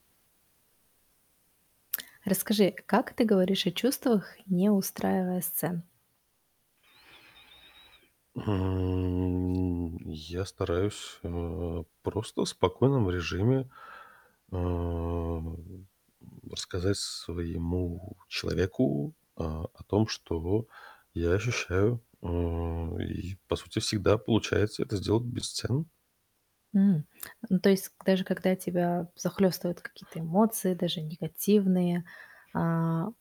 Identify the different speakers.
Speaker 1: Расскажи, а как ты говоришь о чувствах, не устраивая сцен?
Speaker 2: М, я стараюсь, э, просто в спокойном режиме, а, м, рассказать своему человеку, а, о том, что я ощущаю. Э, и, по сути, всегда получается это сделать без цен.
Speaker 1: М, ну, то есть, к даже когда тебя захлёстывают какие-то эмоции, даже негативные, а